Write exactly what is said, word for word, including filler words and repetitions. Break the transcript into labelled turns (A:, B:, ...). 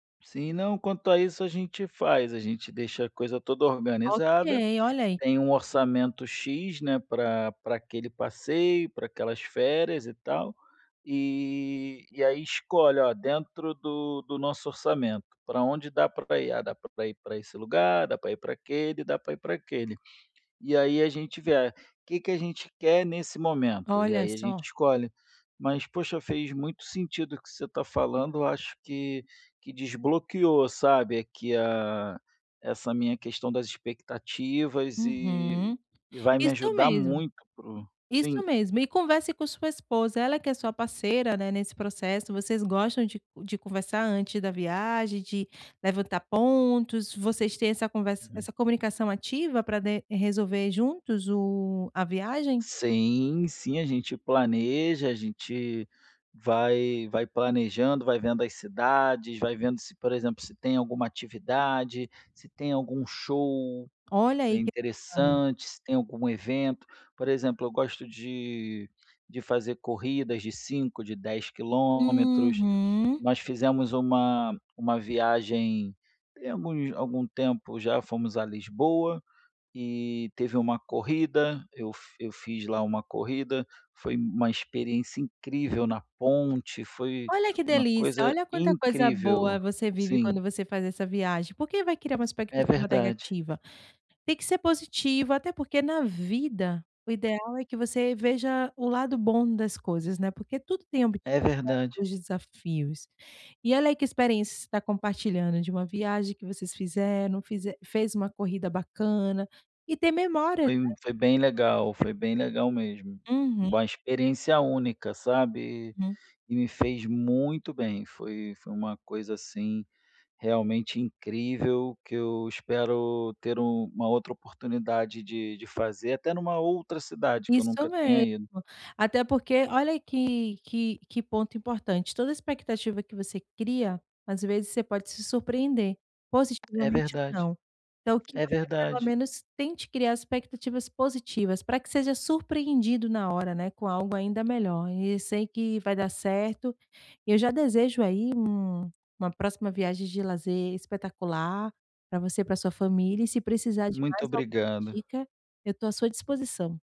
A: Sim. Não, quanto a isso a gente faz. A gente deixa a coisa toda
B: Ok.
A: organizada.
B: Olha, aí.
A: Tem um
B: [unintelligible]
A: orçamento "x", né, pra pra aquele passeio, pra aquelas férias, e tal. Eh, e aí, escolhe: "Ó, dentro do do nosso orçamento, pra onde dá pra ir?". "Ah, dá pra ir pra esse lugar, dá pra ir para aquele, dá pra ir para aquele". E, aí, a gente vê, ah: "Que, que a gente quer nesse momento?". E,
B: Olha
A: aí, a gente
B: só.
A: escolhe. Mas, poxa, fez muito sentido o que você tá falando. Eu acho que que desbloqueou, sabe, aqui, ah, essa minha questão das expectativas, eh,
B: Uhum.
A: e vai me
B: Isso
A: ajudar
B: mesmo.
A: muito pro
B: Isso
A: sim.
B: mesmo. E converse com sua esposa, ela que é sua parceira, né, nesse processo, vocês gostam de de conversar antes da viagem, de levantar pontos, vocês têm essa conver
A: Uhum.
B: essa comunicação ativa pra de resolver juntos o a viagem?
A: Sim, sim, a gente planeja. A gente vai vai planejando, vai vendo as cidades, vai vendo se, por exemplo, se tem alguma atividade, se tem algum show
B: Olha aí, que bacana.
A: interessante, se tem algum evento. Por exemplo, eu gosto de de fazer corridas de cinco, de dez quilômetros.
B: Uhum.
A: Nós fizemos uma uma viagem, tem alguns algum tempo já, fomos à Lisboa, e teve uma corrida. Eu fi fiz lá, uma corrida. Foi uma experiência incrível na ponte. Foi
B: Olha, que
A: uma
B: delícia.
A: coisa
B: Olha, quanta coisa
A: incrível.
B: boa você vive
A: Sim.
B: quando você faz essa viagem. Porque vai criar uma
A: É
B: expectativa
A: verdade.
B: negativa? Tem que ser positivo. Até porque, na vida o ideal é que você veja o lado bom das coisas, né, porque tudo tem
A: É
B: obstáculos,
A: verdade.
B: desafios. E, olha, aí, que experiência você tá compartilhando de uma viagem que vocês fizeram, fize fez uma corrida bacana e, tem memória, né,
A: Foi
B: para
A: m foi bem legal.
B: compartilhar.
A: Foi bem legal, mesmo.
B: Uhum.
A: Uma experiência única, sabe?
B: Uhum.
A: E me fez muito bem. Foi foi uma coisa, assim, realmente, incrível que eu espero ter uma outra oportunidade de de fazer até numa outra cidade que eu
B: Isso
A: nunca tenha
B: mesmo.
A: ido.
B: Até porque, olha aí que que que ponto importante, toda expectativa que você cria, às vezes, você pode se surpreender
A: É
B: positivamente, ou
A: verdade.
B: não. Então, que
A: É
B: você, pelo
A: verdade.
B: menos, tente criar expectativas positivas, pra que seja surpreendido na hora, né, com algo ainda melhor e, sei que vai dar certo. E, eu já desejo, aí, uma, uma próxima viagem de lazer espetacular pra você e para a sua família e, se precisar de
A: Muito
B: mais alguma
A: obrigada.
B: dica, eu tô à sua disposição.